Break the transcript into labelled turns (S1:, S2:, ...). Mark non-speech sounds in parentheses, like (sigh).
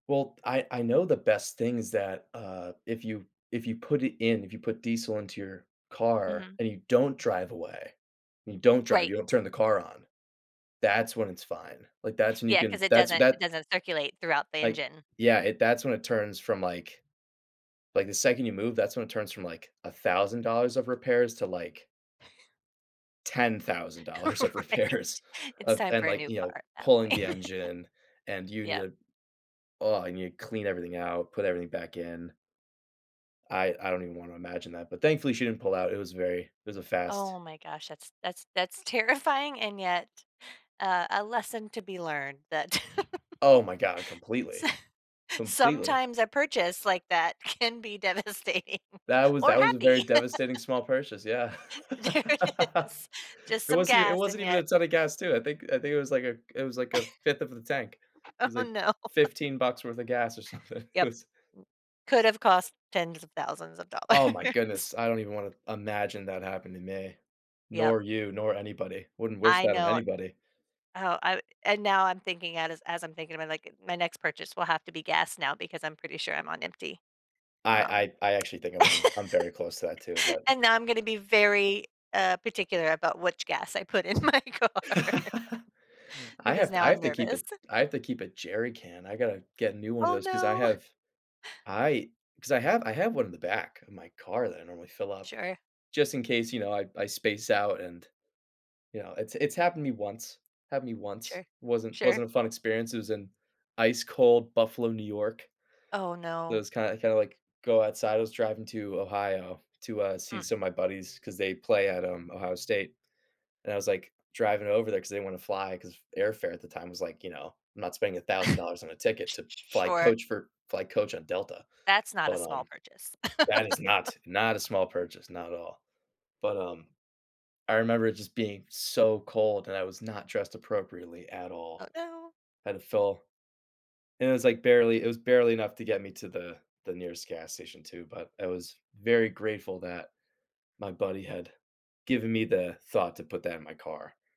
S1: Well, I I know the best thing's that, uh, if you if you put it in, if you put diesel into your car
S2: Mhm.
S1: and you don't drive away, and you don't drive,
S2: Right.
S1: you don't turn the car on. That's when it's fine, like that's when you
S2: Yeah, 'cause
S1: can
S2: it
S1: that's
S2: doesn't it
S1: that
S2: doesn't circulate throughout the
S1: like
S2: engine.
S1: Yeah, it that's when it turns from like like the second you move, that's when it turns from like $1,000 of repairs to, like
S2: (chuckles)
S1: $10,000 of repairs
S2: Right. It's
S1: of
S2: time
S1: and
S2: for a
S1: like,
S2: new
S1: you
S2: car
S1: know,
S2: at that
S1: pulling the
S2: point.
S1: engine and you need
S2: Yeah.
S1: to oh, I need to clean everything out, put everything back in. I I don't even wanna imagine that, but thankfully she didn't pull out, it was very it was a fast
S2: Oh my gosh, that's that's that's terrifying, and yet, uh, a lesson to be learned that
S1: Oh my god,
S2: (laughs)
S1: completely.
S2: s
S1: Completely.
S2: sometimes a purchase like that can be devastating
S1: That was
S2: or
S1: that was a very
S2: happy. (laughs)
S1: devastating small purchase, yeah.
S2: There it
S1: (laughs)
S2: is. Just
S1: It
S2: some
S1: wasn't e it
S2: gas
S1: wasn't
S2: and
S1: even a
S2: yet
S1: ton of gas too, I think I think it was like a it was like a 5th of the tank. It was
S2: (laughs) Oh
S1: like,
S2: no.
S1: 15 bucks worth of gas or something. It
S2: Yup, m
S1: was
S2: could've cost tens of thousands of
S1: Oh my
S2: dollars.
S1: goodness, I don't even wanna imagine that happen to me,
S2: Yup.
S1: nor you, nor anybody, wouldn't wish
S2: I
S1: that on
S2: know.
S1: anybody.
S2: Oh, I and now I'm thinking that is as I'm thinking about, like, my next purchase will have to be gas now because I'm pretty sure I'm on empty. Um
S1: I I I actually think
S2: (laughs)
S1: I'm on I'm very close to that too, but
S2: And now I'm gonna be very, uh, particular about which gas I put in my car.
S1: (laughs) I
S2: Because
S1: have to
S2: now
S1: I
S2: I'm
S1: have to keep a
S2: nervous.
S1: I have to keep a jerry can, I gotta get a new one of
S2: Oh,
S1: those 'cause I
S2: no!
S1: have I 'cause I have I have one in the back of my car that I normally fill up,
S2: Sure.
S1: just in case, you know, I I space out and, you know, it's it's happened to me once, happened to me once,
S2: Sure,
S1: wasn't
S2: sure.
S1: wasn't a fun experience, it was in ice cold Buffalo, New York.
S2: Oh,
S1: It
S2: no.
S1: was kind kinda like, go outside, I was driving to Ohio to, uh, see
S2: Mm.
S1: some of my buddies 'cause they play at, um, Ohio State, and I was like, driving over there 'cause they didn't want to fly 'cause airfare at the time was like, you know, I'm not spending $1000 on a
S2: (chuckles)
S1: ticket
S2: Sh
S1: to
S2: sh
S1: fly
S2: sure.
S1: coach for fly coach on Delta,
S2: That's not a
S1: but,
S2: small
S1: um,
S2: purchase.
S1: that is not, not a small
S2: (laughs)
S1: purchase, not at all, but, um, I remember it just being so cold and I was not dressed appropriately at
S2: Oh,
S1: all,
S2: no.
S1: had to fill and it was like, barely it was barely enough to get me to the the nearest gas station too, but I was very grateful that my buddy had given me the thought to put that in my car.